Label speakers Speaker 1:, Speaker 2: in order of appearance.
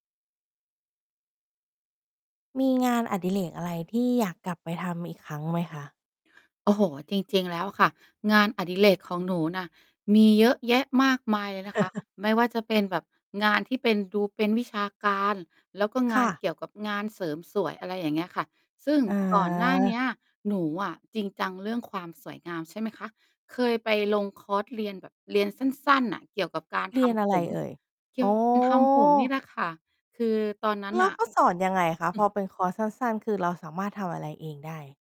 Speaker 1: มีงานอดิเรกอะไรที่อยากกลับไปทำอีกครั้งไหมคะ?
Speaker 2: โอ้โฮ จริง ๆ แล้วอะค่ะ งานอดิเรกของหนูน่ะ มีเยอะแยะมากมายเลยนะคะ ไม่ว่าจะเป็นแบบงานที่เป็น ดูเป็นวิชาการ แล้วก็
Speaker 1: ค
Speaker 2: งา
Speaker 1: ่
Speaker 2: น
Speaker 1: ะ
Speaker 2: เกี่ยวกับงานเสริมสวย อะไรอย่างเงี้ยค่ะ ซึ่ง
Speaker 1: อ๋
Speaker 2: ก่อนหน้าเ
Speaker 1: อ
Speaker 2: นี้ย หนูอะจริงจังเรื่องความสวยงาม ใช่ไหมคะ เคยไปลงคอร์สเรียนแบบ เรียนสั้น ๆ น่ะ เกี่ยวกับการ
Speaker 1: เร
Speaker 2: ท
Speaker 1: ียนอะ
Speaker 2: ำผ
Speaker 1: ไร
Speaker 2: ม
Speaker 1: เอ่ย? อ๋
Speaker 2: ทำผมนี่
Speaker 1: อ
Speaker 2: แหละค่ะ คือตอนนั้น
Speaker 1: แล
Speaker 2: น
Speaker 1: ้
Speaker 2: ่
Speaker 1: ว
Speaker 2: ะ
Speaker 1: เขาสอนยังไงคะ? พอเป็นคอร์สสั้น ๆ คือเราสามารถทำอะไรเองได้